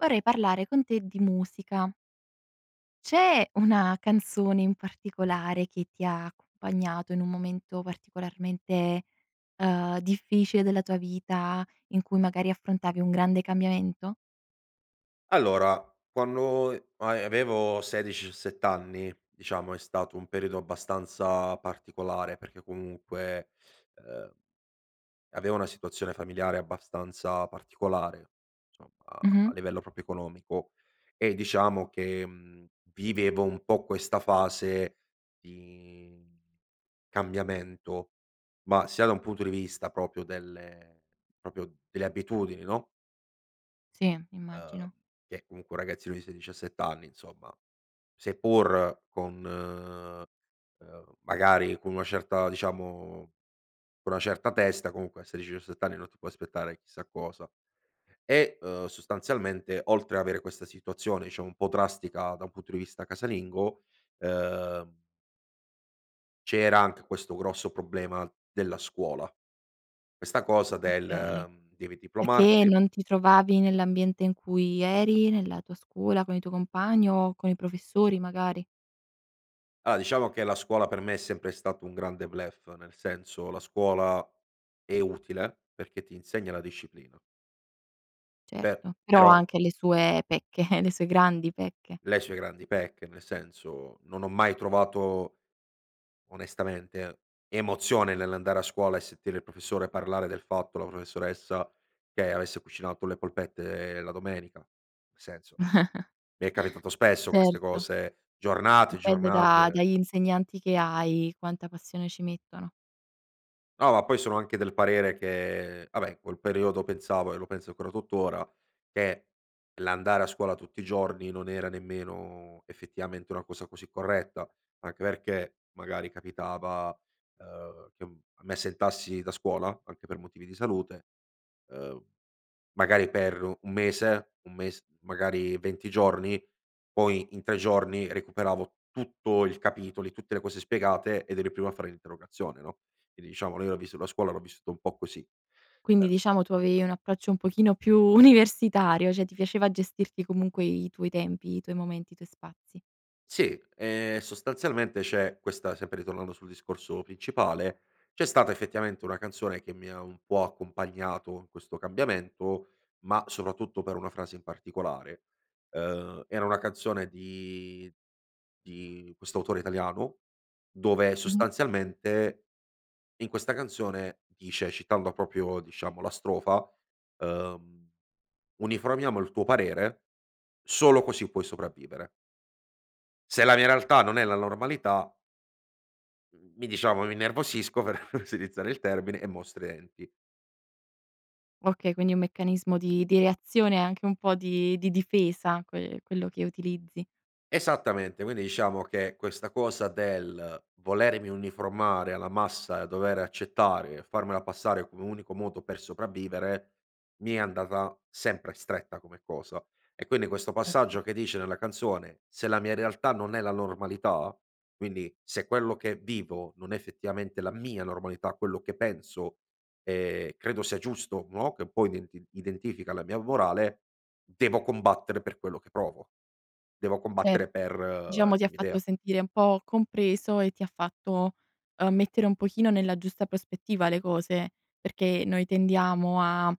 Vorrei parlare con te di musica. C'è una canzone in particolare che ti ha accompagnato in un momento particolarmente, ehm, difficile della tua vita in cui magari affrontavi un grande cambiamento? Allora quando e a ehm, avevo 16-17 anni diciamo, è stato un periodo abbastanza particolare perché comunque, ehm avevo una situazione familiare abbastanza particolare insomma, a Mh-mh. a livello proprio economico e diciamo che, mhmm, vivevo un po' questa fase di cambiamento ma sia da un punto di vista proprio delle proprio delle abitudini no? Sì, Uhm, immagino. che comunque un ragazzino di 16-17 anni insomma, seppur con, ehm ehm, magari con una certa diciamo con una certa testa, comunque a 16-17 anni non ti puoi aspettare chissà cosa, e, ehm, sostanzialmente, oltre avere questa situazione, diciamo un po' drastica da un punto di vista casalingo, ehm c'era anche questo grosso problema della scuola. Questa cosa Okay. del: "Devi Perché che diplomarti" non ti trovavi nell'ambiente in cui eri, nella tua scuola, con i tuoi compagni o con i professori magari? Ah, diciamo che la scuola per me è sempre stato un grande bluff nel senso, la scuola è utile perché ti insegna la disciplina. Per Certo, però però ha anche le sue pecche, le sue grandi pecche. le sue grandi pecche nel senso, non ho mai trovato onestamente emozione nell'andare a scuola e sentire il professore parlare del fatto, la professoressa che avesse cucinato le polpette la domenica. Senso, mi è capitato spesso queste Certo. cose giornate, Dipende da giornate dagli insegnanti che hai, quanta passione ci mettono. No, ma poi sono anche del parere che vabbè in quel periodo pensavo e lo penso ancora, tuttora che l'andare a scuola tutti i giorni non era nemmeno effettivamente una cosa così corretta. Anche perché magari capitava, ehm, che, uhm, mi assentassi da scuola, anche per motivi di salute, ehm, magari per 1 mese 1 mes magari 20 giorni, poi in 3 giorni recuperavo tutto il capitoli, tutte le cose spiegate ed ero il primo a fare l'interrogazione, no, quindi diciamo lì ho viss la scuola l'ho vissuta un po' così; Quindi e diciamo tu avevi un approccio un pochino più universitario, cioè ti piaceva gestirti comunque i tuoi tempi, i tuoi momenti, i tuoi spazi. Si, ehm, sostanzialmente c'è questa sempre ritornando sul discorso principale, c'è stata effettivamente una canzone che mi ha un po' accompagnato in questo cambiamento, ma soprattutto per una frase in particolare. Ehm, era una canzone di di questo autore italiano, dove Mh-mh. sostanzialmente, in questa canzone dice, citando proprio diciamo la strofa, ehm: "Uniformiamo il tuo parere, solo così puoi sopravvivere". Se la mia realtà non è la normalità mhmm, mi diciamo "mi innervosisco", per riutilizzare il termine, "e mostro i denti". Okay, quindi è un meccanismo di di reazione anche un po' di di difesa que quello che utilizzi. Esattamente, quindi diciamo che questa cosa del volermi uniformare alla massa e dover accettare e farmela passare come unico modo per sopravvivere, mi è andata sempre stretta come cosa; e quindi questo Certo. passaggio che dice nella canzone: "Se la mia realtà non è la normalità", quindi se quello che vivo non è effettivamente la mia normalità, quello che penso, ehm, credo sia giusto, no, che un po' identi identifica la mia morale, devo combattere per quello che provo. Devo Cer combattere per diciamo ti le ha mie fatto idea. sentire un po' compreso e ti fatto, ehm, mettere un pochino nella giusta prospettiva le cose, perché noi tendiamo a,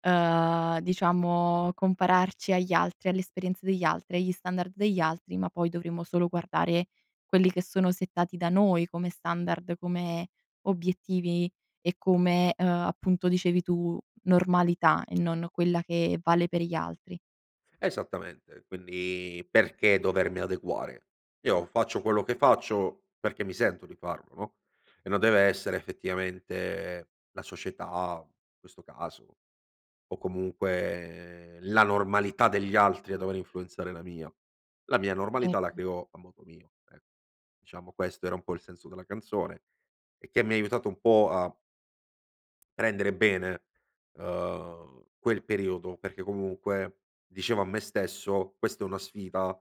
ehm, diciamo compararci agli altri, alle esperienze degli altri, agli standard degli altri, ma poi dovremmo solo guardare quelli che sono settati da noi come standard, come obiettivi e come, uhm, appunto dicevi tu: "normalità" e non, no, quella che vale per gli altri. Esattamente, quindi perché dovermi adeguare? Io faccio quello che faccio, perché mi sento di farlo, no, e non deve essere effettivamente la società, in questo caso, o comunque la normalità degli altri a dover influenzare la mia. La mia normalità la Certo. creo a modo mio, ecc diciamo questo era un po' il senso della canzone e che mi ha aiutato un po' a prendere bene, ehm, quel periodo, perché comunque, dicevo a me stesso: "Questa è una sfida"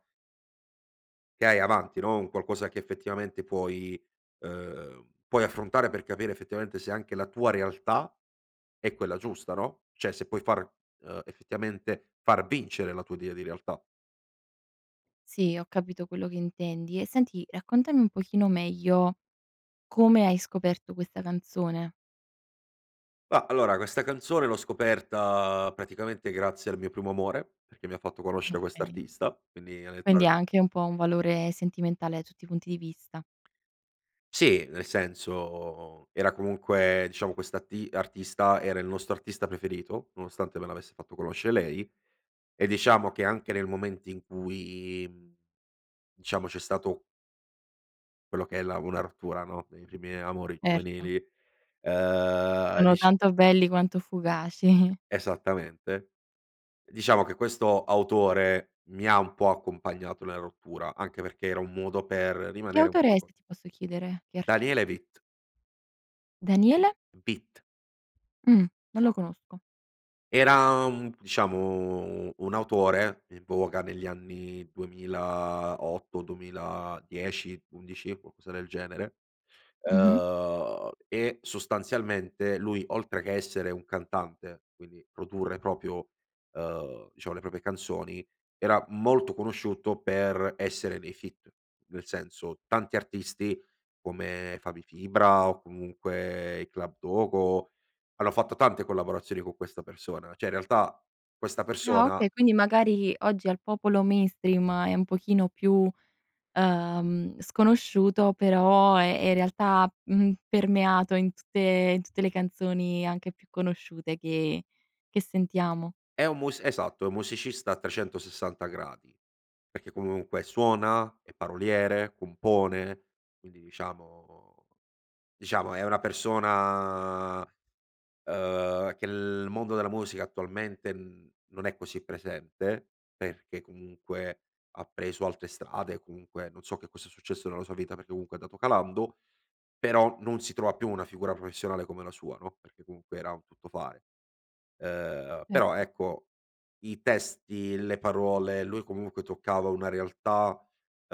"che hai avanti" no, "un qualcosa che effettivamente puoi", ehm, "puoi affrontare per capire effettivamente se anche la tua realtà è quella giusta", no, cioè "se puoi far "ehm, "effettivamente far vincere la tua idea di realtà". Sì, ho capito quello che intendi e senti, raccontami un pochino meglio come hai scoperto questa canzone. Ma allora, questa canzone l'ho scoperta praticamente grazie al mio primo amore, perché mi ha fatto conoscere Okay. quest'artista quindi. Quindi ha [unintelligible] anche un po' un valore sentimentale da tutti i punti di vista. Sì, nel senso era comunque diciamo questo arti artista era il nostro artista preferito, nonostante me l'avesse fatto conoscere lei, e diciamo che anche nel momento in cui, mhmm, diciamo c'è stato quello che è la una rottura, no, dei primi amori Erto. giovanili, ehm, Sono dicia tanto belli quanto fugaci. Esattamente. Diciamo che questo autore mi ha un po' accompagnato nella rottura, anche perché era un modo per Che rimanere un autore è, qualco se ti posso chiedere? Che Daniele artista? Vit. Daniele? Vit. Mh, non lo conosco. Era un diciamo u un autore, in voga negli anni 2008-2010-11 qualcosa del genere; Mh-mh. uhm, e sostanzialmente lui oltre che essere un cantante, quindi produrre proprio, uhm, diciamo le proprie canzoni, era molto conosciuto per essere nei feat; nel senso tanti artisti, come Fabri Fibra o comunque i Club Dogo, hanno fatto tante collaborazioni con questa persona, cioè in realtà, questa Ah persona okay, quindi magari oggi al popolo mainstream è un pochino più, ehm, sconosciuto però, è è in realtà, mhmm, permeato in tutte in tutte le canzoni anche più conosciute che che sentiamo. È un mus esatto è un musicista a 360 gradi, perché comunque suona, è paroliere, compone; quindi diciamo diciamo è una persona, uhm, che l nel mondo della musica attualmente, mhmm, non è così presente, perché comunque, ha preso altre strade, comunque non so che cosa è successo nella sua vita perché comunque è andato calando; però non si trova più una figura professionale come la sua, no, perché comunque era un tuttofare. Ehm, però Ecco. ecco, i testi, le parole, lui comunque toccava una realtà,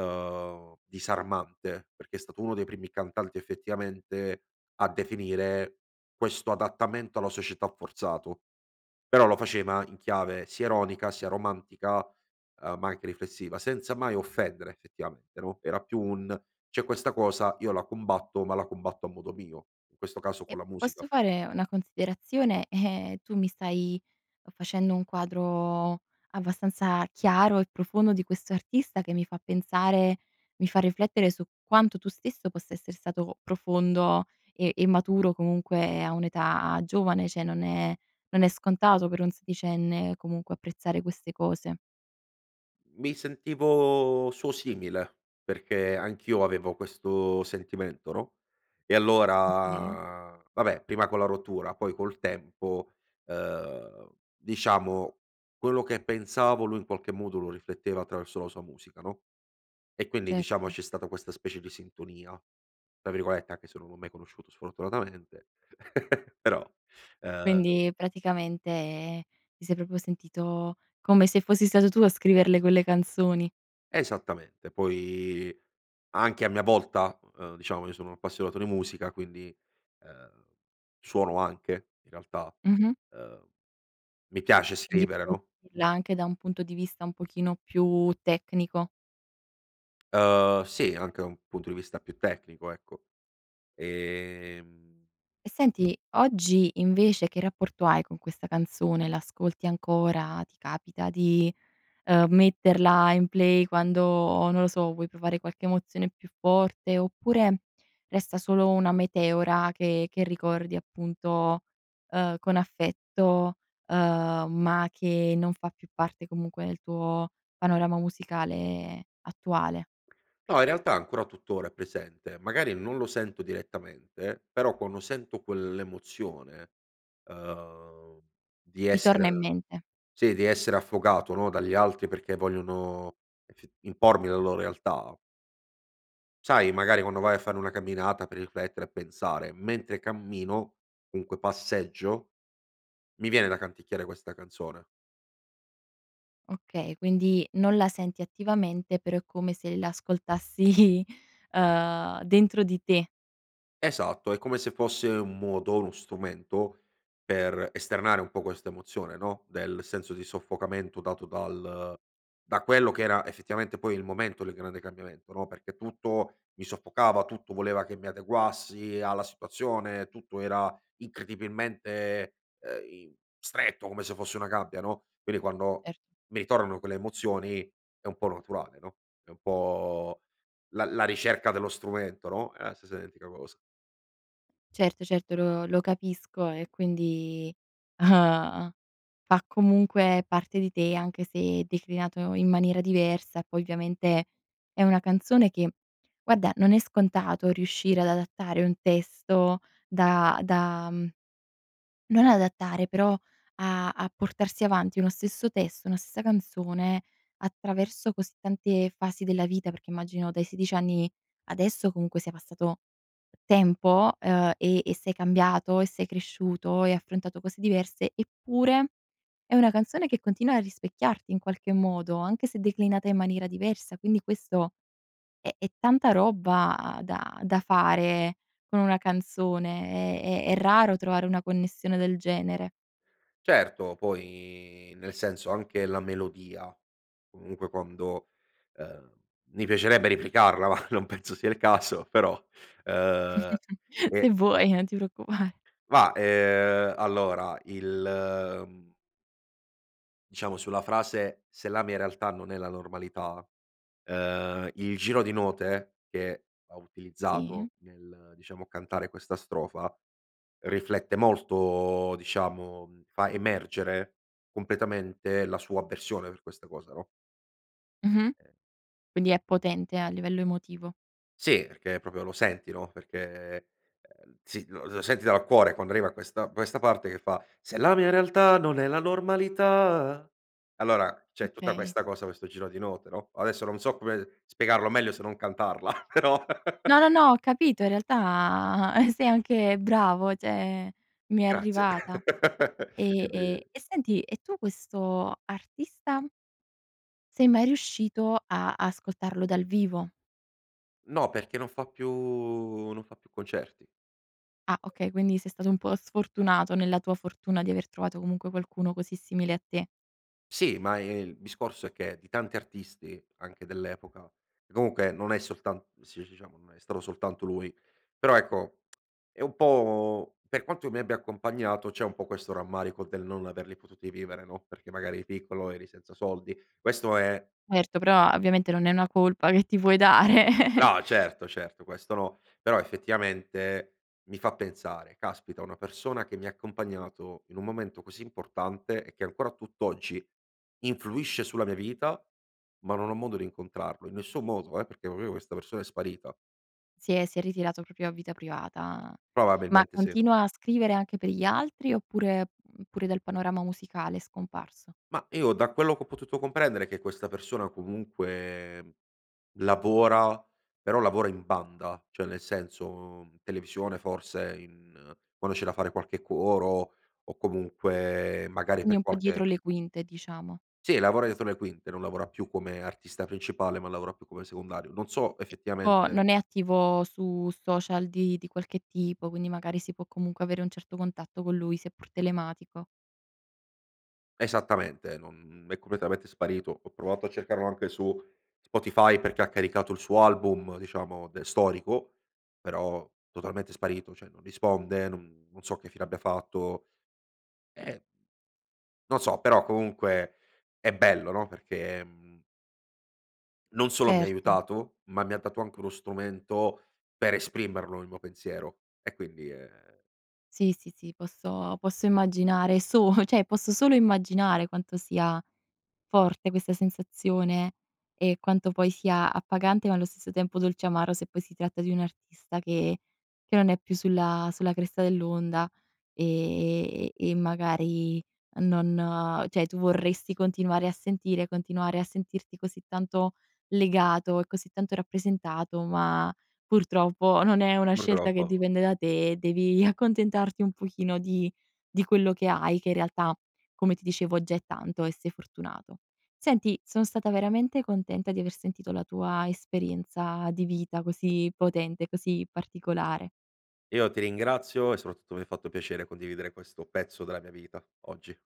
uhm, disarmante perché è stato uno dei primi cantanti effettivamente a definire questo adattamento alla società forzato; però lo faceva in chiave sia ironica, sia romantica, ehm, ma anche riflessiva, senza mai offendere effettivamente, no; era più un: "C'è questa cosa, io la combatto, ma la combatto a modo mio. In questo caso E con la musica." posso fare una considerazione, ehm, tu mi stai facendo un quadro abbastanza chiaro e profondo di questo artista che mi fa pensare mi fa riflettere su quanto tu stesso possa essere stato profondo e e maturo comunque a un'età giovane, cioè non è non è scontato per un sedicenne, comunque apprezzare queste cose. Mi sentivo suo simile, perché anch'io avevo questo sentimento, no. E Okay. allora vabbè prima con la rottura poi col tempo, uhm, diciamo quello che pensavo lui in qualche modo lo rifletteva attraverso la sua musica, no; e quindi diciamo Certo. c'è stata questa specie di "sintonia", tra virgolette, anche se non l'ho mai conosciuto sfortunatamente. Però, Quindi, ehm praticamente, ehm, ti sei proprio sentito come se fossi stato tu a scriverle quelle canzoni. Esattamente. Poi anche a mia volta ehm, diciamo io sono un appassionato di musica quindi ehm, suono anche in realtà Mh-mh. ehm, mi piace scrivere, [unintelligible] no. anche da un punto di vista un pochino più tecnico. Uhm, sì, anche un punto di vista più tecnico ecco. Ehm E senti, oggi invece che rapporto hai con questa canzone? La ascolti ancora, ti capita di, ehm, metterla in play quando, non lo so, vuoi provare qualche emozione più forte oppure, resta solo una meteora che che ricordi appunto, ehm, con affetto, uhm, ma che non fa più parte comunque del tuo panorama musicale attuale? No, in realtà ancora tuttora è presente. Magari non lo sento direttamente, però quando sento quell'emozione, uhm, di Ti torna in essere mente. sì, di essere affogato, no, dagli altri perché vogliono effi impormi la lo realtà sai magari quando vai a fare una camminata per riflettere e pensare: mentre cammino, comunque passeggio, mi viene da canticchiare questa canzone. Okay, quindi non la senti attivamente però è come se la ascoltassi, ehm, dentro di te. Esatto, è come se fosse un modo, uno strumento, per esternare un po' questa emozione, no, del senso di soffocamento dato dal da quello che era effettivamente poi il momento del grande cambiamento, no, perché tutto mi soffocava, tutto voleva che mi adeguassi alla situazione, tutto era incredibilmente, uhm, im stretto, come se fosse una gabbia, no. Quindi quando Cer mi tornano quelle emozioni è un po' naturale, no, è un po' la la ricerca dello strumento, no, è la stessa identica cosa. Certo, certo lo lo capisco e quindi, ehm, fa comunque parte di te anche se, declinato in maniera diversa e poi ovviamente, è una canzone che guarda non è scontato riuscire ad adattare un testo da da mhmm, non adattare però a a portarsi avanti uno stesso testo, una stessa canzone, attraverso così tante fasi della vita, perché immagino dai 16 anni, adesso comunque sia passato tempo, ehm, e e sei cambiato e sei cresciuto, hai affrontato cose diverse, eppure, è una canzone che continua a rispecchiarti in qualche modo, anche se declinata in maniera diversa; quindi questo, è è tanta roba da da fare con una canzone, è è è raro trovare una connessione del genere. Certo, poi nel senso, anche la melodia, comunque quando ehm, mi piacerebbe replicarla ma, non penso sia il caso, però, ehm Se e vuoi, non ti preoccupare. Ma, ehm, allora il, mhmm diciamo sulla frase: "Se la mia realtà non è la normalità", ehm, il giro di note che ha Sì. utilizzato nel, diciamo cantare questa strofa, riflette molto diciamo fa emergere completamente la sua avversione per questa cosa, no? Mh-mh. E Quindi è potente, a livello emotivo. Sì, perché proprio lo senti, no, perché, ehm ehm, sì, lo lo senti dal cuore quando arriva questa questa parte che fa: Se la mia realtà, non è la normalità. Allora, c'è tutta Okay. questa cosa questo giro di note, no, adesso non so come spiegarlo meglio se non cantarla, però. No, no, no, ho capito. In realtà, sei anche bravo, cioè, mi è Grazie. arrivata. E Di e e senti: e tu questo artista sei mai riuscito a ascoltarlo dal vivo? No, perché non fa più non fa più concerti. Ah, okay, quindi sei stato un po' sfortunato nella tua fortuna di aver trovato comunque qualcuno così simile a te. Sì, ma, ehm, il discorso è che di tanti artisti, anche dell'epoca, che comunque non è soltan sì, diciamo, non è stato soltanto lui. Però, ecco, è un po' per quanto mi abbia accompagnato, c'è un po' questo rammarico del non averli potuti vivere, no, perché magari piccolo, eri senza soldi. Questo è Erto, però ovviamente non è una colpa che ti puoi dare. No eh, certo, certo, questo no. Però effettivamente mi fa pensare: "Caspita, una persona che mi ha accompagnato in un momento così importante, e che ancora tutt'oggi influisce sulla mia vita, ma non ho modo di incontrarlo", in nessun modo, eh, perché proprio questa persona è sparita. Si è si è ritirato proprio a vita privata. Ma Probabilmente sì. continua a scrivere anche per gli altri, oppure, uhm, pure dal panorama musicale, è scomparso? Mah, io da quello che ho potuto comprendere, che questa persona comunque lavora, però lavora in banda, cioè nel senso televisione forse in quando c'è da fare qualche coro, o comunque magari Quindi per un po' dietro qualche le quinte, diciamo. Sì, lavora dietro le quinte, non lavora più come artista principale, ma lavora più come secondario. Non so È tipo effettivamente non è attivo su social di di qualche tipo, quindi magari si può comunque avere un certo contatto con lui, seppur telematico. Esattamente, non è completamente sparito. Ho provato a cercarlo anche su Spotify, perché ha caricato il suo album diciamo de storico, però totalmente sparito, cioè non risponde, non non so che fine abbia fatto; ehm non so però comunque, è bello no, perché, mhmm non solo mi ha Certo. aiutato, ma mi ha dato anche uno strumento per esprimerlo, il mio pensiero. E quindi ehm Sì, sì, sì, posso posso immaginare. So cioè, solo immaginare quanto sia forte questa sensazione e quanto poi sia appagante, ma allo stesso tempo, dolceamaro se poi si tratta di un artista che che non è più sulla sulla cresta dell'onda, ehm ehm ehm, e magari, non cioè, tu vorresti continuare a sentire, continuare a sentirti così tanto legato e così tanto rappresentato, ma, purtroppo, non è una scelta che Purtroppo. dipende da te, e devi accontentarti un pochino di di quello che hai, che in realtà, come ti dicevo, già è tanto e sei fortunato. Senti, sono stata veramente contenta di aver sentito la tua esperienza di vita così potente, così particolare. Io ti ringrazio, e soprattutto mi ha fatto piacere condividere questo pezzo della mia vita, oggi.